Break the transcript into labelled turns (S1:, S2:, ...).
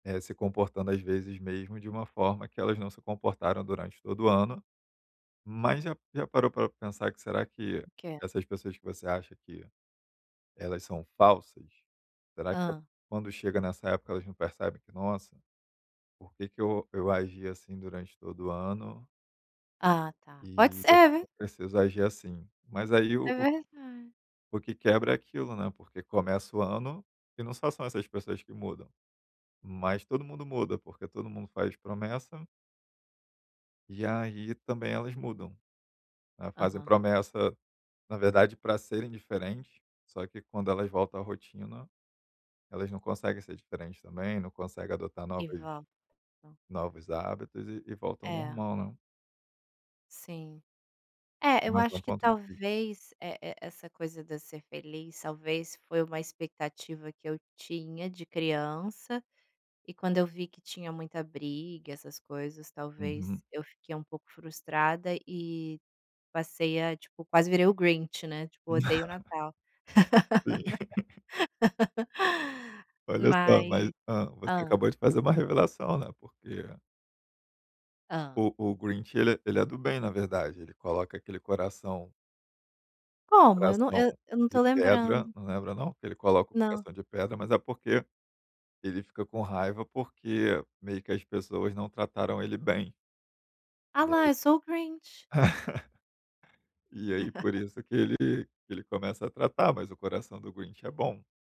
S1: É, se comportando, às vezes, mesmo de uma forma que elas não se comportaram durante todo o ano. Mas, já já parou pra pensar que, será que
S2: O que?
S1: essas pessoas que você acha que, elas são falsas, será que
S2: Hã.
S1: quando chega nessa época elas não percebem que: "Nossa, por que que eu eu agi assim durante todo o ano"
S2: Ah, tá. Pode
S1: "e
S2: ser
S1: eu
S2: é
S1: não
S2: v
S1: preciso agir assim." Mas aí, o
S2: é verdade.
S1: o que quebra é aquilo, né, porque começa o ano, e não só são essas pessoas que mudam. Mas, todo mundo muda porque todo mundo faz promessa e aí também elas mudam, elas fazem
S2: Aham.
S1: promessa, na verdade para serem diferentes, só que quando elas voltam à rotina, elas não conseguem ser diferentes também, não conseguem adotar
S2: E
S1: novas
S2: vó, hã.
S1: novos hábitos e e voltam ao
S2: É.
S1: normal, né.
S2: Sim. É, eu
S1: Mais um
S2: acho que
S1: ponto de vista.
S2: talvez, é é essa coisa da ser feliz, talvez, foi uma expectativa que eu tinha de criança, e quando eu vi que tinha muita briga, essas coisas,
S1: Uhum.
S2: talvez eu fiquei um pouco frustrada, e passei a tipo, quase virei o Grinch, né, tipo, odeio o Natal.
S1: Sim. Olha só,
S2: Mas
S1: mas hã, você
S2: hã.
S1: acabou de fazer uma revelação, né, porque
S2: Hã.
S1: o o Grinch, ele ele é do bem, na verdade. Ele coloca aquele coração
S2: Como? Eu não
S1: coração
S2: eu eu não
S1: de
S2: tô
S1: pedra,
S2: lembrando.
S1: não lembra não? Que ele coloca um
S2: Não.
S1: coração de pedra, mas é porque ele fica com raiva, porque meio que as pessoas não trataram ele bem
S2: A
S1: e
S2: lá,
S1: aí
S2: eu sou o Grinch.
S1: e aí, por isso que ele que ele começa a tratar, mas o coração do Grinch é bom.